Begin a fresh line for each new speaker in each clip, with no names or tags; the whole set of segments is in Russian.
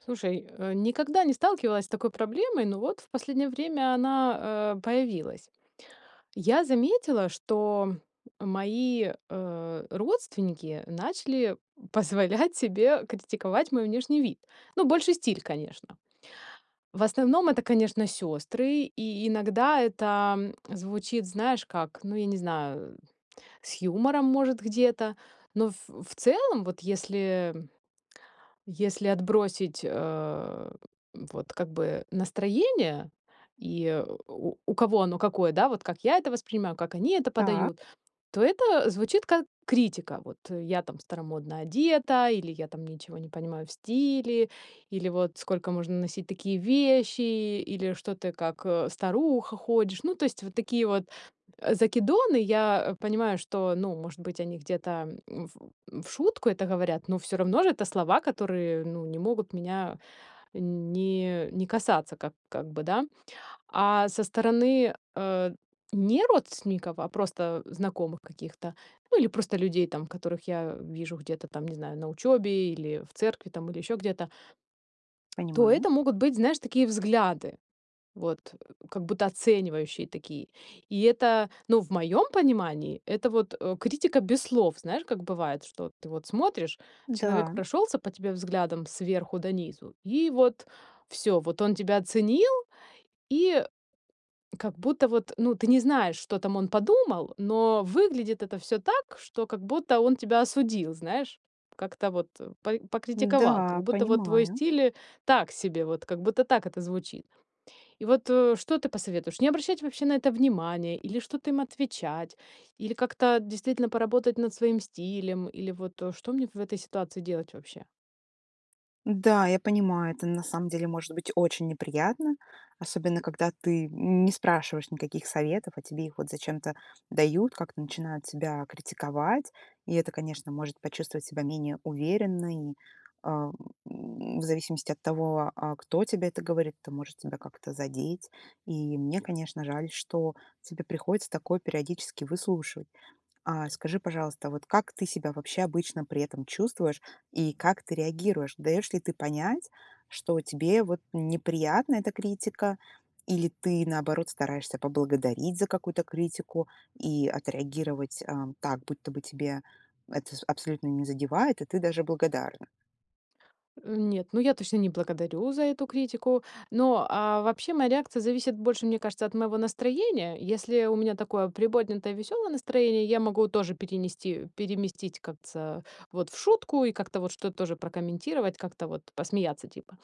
Слушай, э, никогда не сталкивалась с такой проблемой, но вот в последнее время она, э, появилась. Я заметила, что мои, э, родственники начали позволять себе критиковать мой внешний вид. Ну, больше стиль, конечно. В основном это, конечно, сёстры. И иногда это звучит, знаешь, как, ну, я не знаю, с юмором, может, где-то. Но в в целом, вот если если отбросить, э, вот как бы настроение, и у у кого оно какое, да, вот как я это воспринимаю, как они это
Так.
подают- то это звучит как критика. Вот я там старомодно одета, или я там ничего не понимаю в стиле, или вот сколько можно носить такие вещи, или что ты как, э, старуха ходишь. Ну, то есть вот такие вот, э, закидоны. Я понимаю, что, ну, может быть, они где-то, м, в в шутку это говорят, но всё равно ж это слова, которые, ну, не могут меня не не касаться ка как бы, да? А со стороны, э, не родственников, а просто знакомых каких-то, ну или просто людей там, которых я вижу где-то там, не знаю, на учёбе или в церкви там, или еще где-то то
Понимаю.
это могут быть, знаешь, такие взгляды. Вот как будто оценивающие такие. И это, ну, в моем понимании, это вот, э, критика без слов. Знаешь, как бывает, что вот ты вот смотришь, человек
Да.
прошелся по тебе взглядом сверху донизу, и вот всё, вот он тебя оценил, и как будто вот, ну, ты не знаешь, что там он подумал, но выглядит это всё так, что как будто он тебя осудил, знаешь. Как-то вот по покритиковал, как
Н-да,
будто вот твой
понимаю.
стиль так себе. Вот как будто так это звучит. И вот, э, что ты посоветуешь? Не обращать вообще на это внимания? Или что-то им отвечать? Или как-то действительно поработать над своим стилем? Или вот, э, что мне в этой ситуации делать вообще?
Да, я понимаю, это, на самом деле, может быть очень неприятно, особенно когда ты не спрашиваешь никаких советов, а тебе их вот зачем-то дают, как-то начинают тебя критиковать. И это, конечно, может почувствовать себя менее уверенной, а, в в зависимости от того, а, кто тебе это говорит, это может тебя как-то задеть. И мне, конечно, жаль, что тебе приходится такое периодически выслушивать. А, скажи, пожалуйста, вот как ты себя вообще обычно при этом чувствуешь и как ты реагируешь? Даешь ли ты понять, что тебе, вот, неприятна эта критика, или ты, наоборот, стараешься поблагодарить за какую-то критику и отреагировать, э, так, будто бы тебя это аб абсолютно не задевает и ты даже благодарна?
Э, нет, ну я точно не благодарю за эту критику. Но, а, вообще, моя реакция зависит больше, мне кажется, от моего настроения. Если у меня такое приподнятое, весёлое настроение, я могу тоже перенести переместить как ца вот в шутку и как-то вот что-то тоже прокомментировать, как-то вот посмеяться типа.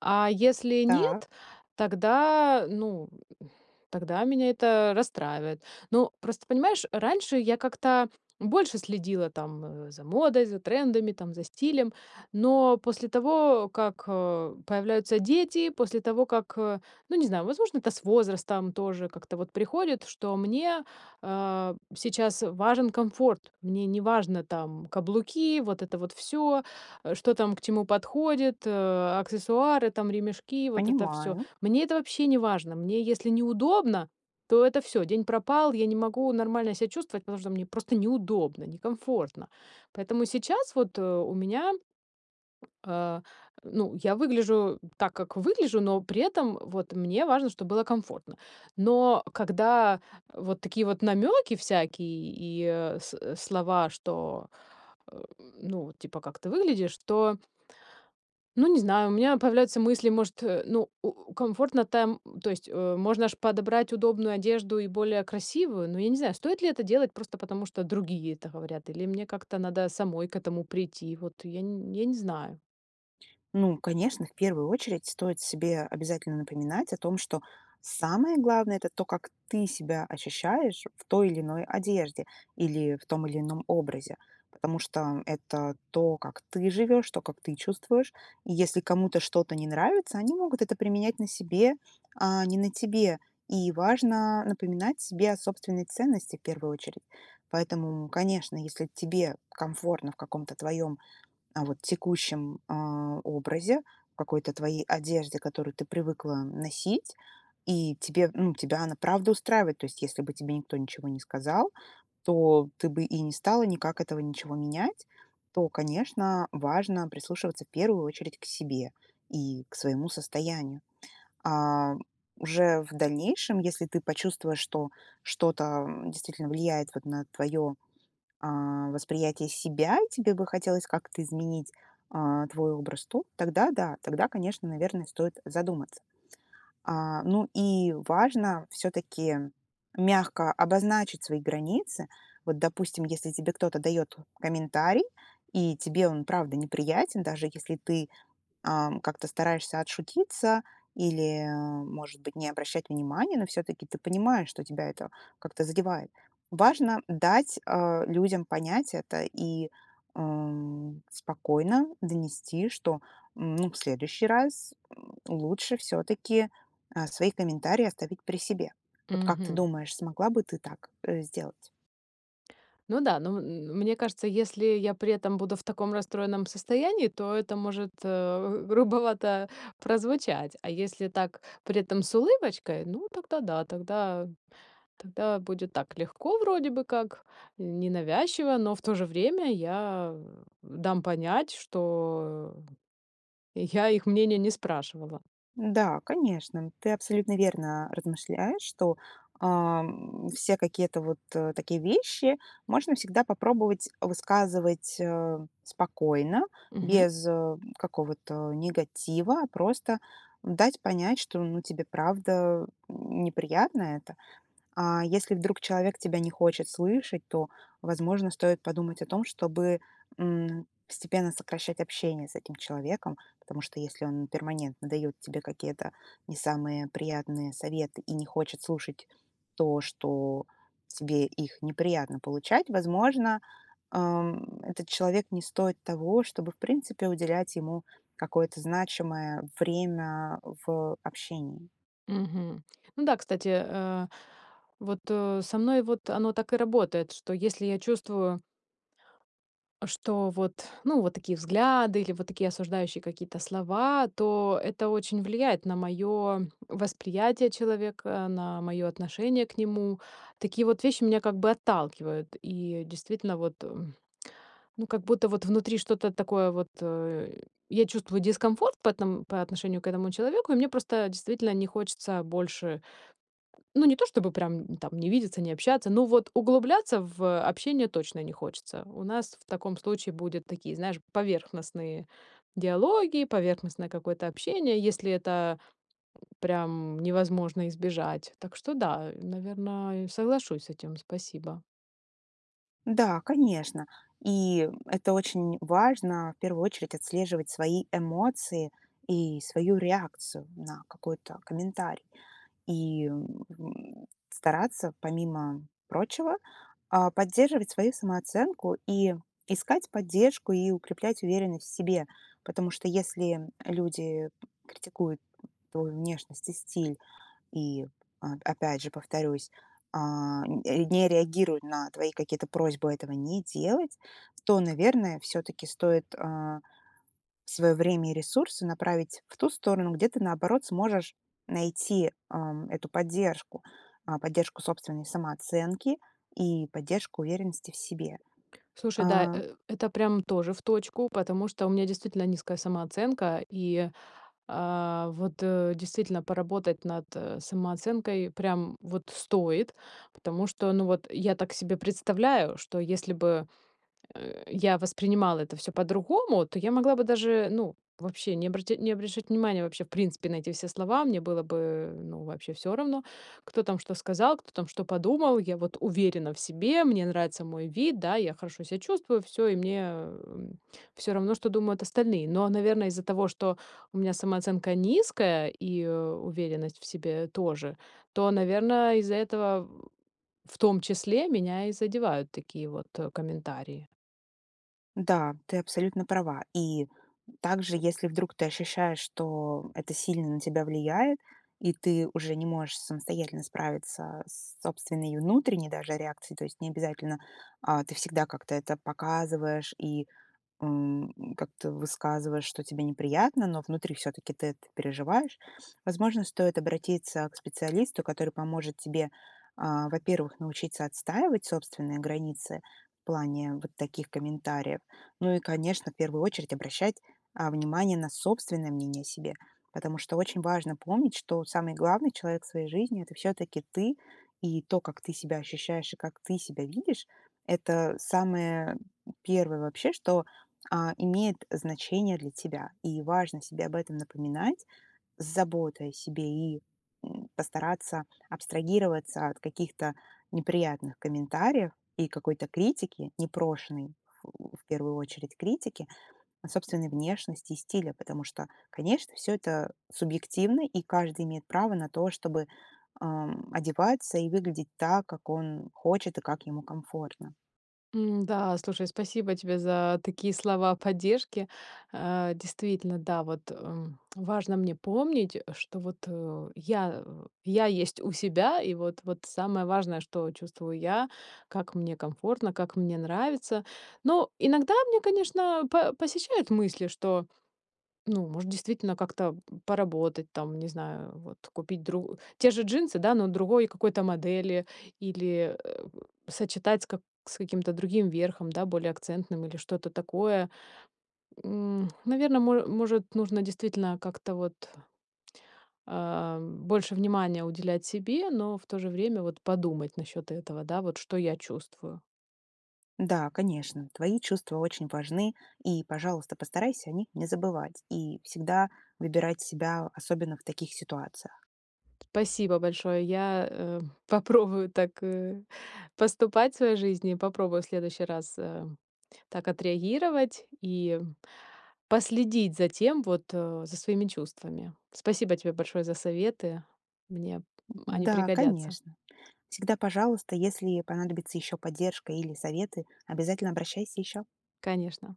А если
Так.
нет, тогда, ну, тогда меня это расстраивает. Ну, просто понимаешь, раньше я как-то больше следила там за модой, за трендами, там, за стилем. Но после того, как, э, появляются дети, после того, как, ну, не знаю, возможно, это с возрастом тоже как-то вот приходит, что мне, а, сейчас важен комфорт. Мне неважно, там, каблуки, вот это вот всё, э, что там к чему подходит, э, аксессуары, там, ремешки, вот это всё.
Понимаю.
Мне это вообще не важно. Мне если неудобно, то это всё. День пропал, я не могу нормально себя чувствовать, потому что мне просто неудобно, некомфортно. Поэтому сейчас вот, э, у меня А, ну, я выгляжу так, как выгляжу, но при этом вот мне важно, чтобы было комфортно. Но, когда вот такие вот намёки всякие и, э, с слова, что, э Ну, типа, как ты выглядишь, то Ну, не знаю, у меня появляются мысли, может, э, ну, у комфортно там, то есть, э, можно ж подобрать удобную одежду и более красивую, но я не знаю, стоит ли это делать просто потому, что другие это говорят, или мне как-то надо самой к этому прийти? Вот, я н я не знаю.
Ну, конечно, в первую очередь стоит себе обязательно напоминать о том, что самое главное- это то, как ты себя ощущаешь в той или иной одежде или в том или ином образе. Потому что это то, как ты живешь, то, как ты чувствуешь. И если кому-то что-то не нравится, они могут это применять на себе, а не на тебе. И важно напоминать себе о собственной ценности, в первую очередь. Поэтому, м, конечно, если тебе комфортно в каком-то твоем, а, вот текущем, а, образе, в какой-то твоей одежде, которую ты привыкла носить, и тебе Ну, тебя она правда устраивает. То есть, если бы тебе никто ничего не сказал, то ты бы и не стала никак этого ничего менять, то, конечно, важно прислушиваться, в первую очередь, к себе и к своему состоянию. А уже в дальнейшем, если ты почувствуешь, что что-то, м, действительно влияет вот на твое, а, восприятие себя, тебе бы хотелось как-то изменить, а, твой образ, то тогда, да, тогда, конечно, наверное, стоит задуматься. А, ну и важно всё-таки мягко обозначить свои границы. Вот, допустим, если тебе кто-то дает комментарий и тебе он правда неприятен, даже если ты, а, как-то стараешься отшутиться или, может быть, не обращать внимания, но всё-таки ты понимаешь, что тебя это как-то задевает. Важно дать, а, людям понять это и, м, спокойно донести, что, м, ну, в следующий раз лучше всё-таки, э, свои комментарии оставить при себе. Вот как ты
Мгм.
думаешь, смогла бы ты так, э, сделать?
Ну да. Ну, м мне кажется, если я при этом буду в таком расстроенном состоянии, то это может, э, г грубовато прозвучать, а если так при этом с улыбочкой, ну тогда да, тогда тогда будет так легко, вроде бы как, ненавязчиво, но в то же время я дам понять, что я их мнения не спрашивала.
Да, конечно, ты абсолютно верно, а, размышляешь, что, ам, все какие-то вот, э, такие вещи можно всегда попробовать высказывать, э, спокойно,
Мгм.
без, э, какого-то негатива, просто дать понять, что, ну, тебе правда неприятно это. А если вдруг человек тебя не хочет слышать, то, возможно, стоит подумать о том, чтобы, м, постепенно сокращать общение с этим человеком. Потому что, если он перманентно дает тебе какие-то не самые приятные советы и не хочет слушать то, что тебе их неприятно получать, возможно, ам, этот человек не стоит того, чтобы, в принципе, уделять ему какое-то значимое время в общении.
Мгм. Ну да, кстати, э, вот, э, со мной вот оно так и работает, что если я чувствую Что вот, ну, вот такие взгляды или вот такие осуждающие какие-то слова, то это очень влияет на моё восприятие человека, на моё отношение к нему. Такие вот вещи меня как бы отталкивают, и, действительно, вот, м Ну как будто вот внутри что-то такое вот, э, я чувствую дискомфорт по эт по отношению к этому человеку, и мне просто действительно не хочется больше Ну, не то, чтобы прям там не видеться, не общаться, но вот углубляться в общение точно не хочется. У нас в таком случае будет такие, знаешь, поверхностные диалоги, поверхностное какое-то общение, если это прям невозможно избежать. Так что да, наверно, я соглашусь с этим. Спасибо.
Да, конечно. И это очень важно- в первую очередь отслеживать свои эмоции и свою реакцию на какой-то комментарий. И, м, стараться, помимо прочего, а, поддерживать свою самооценку и искать поддержку, и укреплять уверенность в себе. Потому что, если люди критикуют твою внешность и стиль и, а, опять же, повторюсь, а, н не реагируют на твои какие-то просьбы этого не делать, то, наверное, всё-таки стоит, а, своё время и ресурсы направить в ту сторону, где ты, наоборот, сможешь найти, ам, эту поддержку, а, поддержку собственной самооценки и поддержку уверенности в себе,
Слушай, да,
а
э, это прям тоже в точку, потому что у меня действительно низкая самооценка и, а, вот, э, действительно поработать над, э, самооценкой прям вот стоит, потому что, ну, вот я так себе представляю, что если бы, э, я воспринимала это всё по-другому, то я могла бы даже, ну, вообще не обрат не обращать внимания, вообще, в принципе, на эти все слова. Мне было бы, э, ну, вообще всё равно, кто там что сказал, кто там что подумал. Я вот уверена в себе. Мне нравится мой вид, да, я хорошо себя чувствую, всё, и мне всё равно, что думают остальные. Но, наверное, из-за того, что у меня самооценка низкая и уверенность в себе тоже, то, наверное, из-за этого в в том числе меня и задевают такие вот, э, комментарии.
Да, ты абсолютно права. И, также, если вдруг ты ощущаешь, что это сильно на тебя влияет и ты уже не можешь самостоятельно справиться с собственной внутренней, даже, реакцией, то есть не обязательно, а, ты всегда как-то это показываешь и, м, как-то высказываешь, что тебе неприятно, но внутри всё-таки ты это переживаешь- возможно, стоит обратиться к специалисту, который поможет тебе, а, во-первых, научиться отстаивать собственные границы в плане вот таких комментариев. Ну и, конечно, первую очередь обращать, а, внимание на собственное мнение о себе. Потому что очень важно помнить, что самый главный человек в своей жизни- это всё-таки ты. И то, как ты себя ощущаешь и как ты себя видишь- это самое первое вообще, что, а, имеет значение для тебя, и важно себе об этом напоминать с заботой о себе и, м, постараться абстрагироваться от каких-то неприятных комментариев и какой-то критики, непрошенной, в первую очередь, критики о собственной внешности и стиле, потому что, конечно, всё это субъективно, и каждый имеет право на то, чтобы, а, одеваться и выглядеть так, как он хочет и как ему комфортно.
М, да, слушай, спасибо тебе за такие слова поддержки. Э, действительно, да, вот, э, важно мне помнить, что вот, э, я, э, я есть у себя, и вот вот самое важное, что чувствую я, как мне комфортно, как мне нравится. Но иногда мне, конечно, по посещают мысли, что, ну, может, действительно как-то поработать, там, не знаю, вот купить дру те же джинсы, да, но другой какой-то модели, или, э, у сочетать с ка с каким-то другим верхом, да, более акцентным, или что-то такое. М, наверно, моэ может, нужно действительно как-то вот а, больше внимания уделять себе, но в то же время, вот, подумать насчёт этого, да, вот что я чувствую.
Да, конечно, твои чувства очень важны, и, пожалуйста, постарайся о них не забывать, и всегда выбирать себя, особенно, в таких ситуациях.
Спасибо большое. Я, э, попробую так, э, поступать в своей жизни, попробую в следующий раз, э, так отреагировать и последить за тем, вот, а, за своими чувствами. Спасибо тебе большое за советы, мне они
Да,
пригодятся.
конечно. Всегда пожалуйста. Если понадобится ещё поддержка или советы, обязательно обращайся ещё.
Конечно.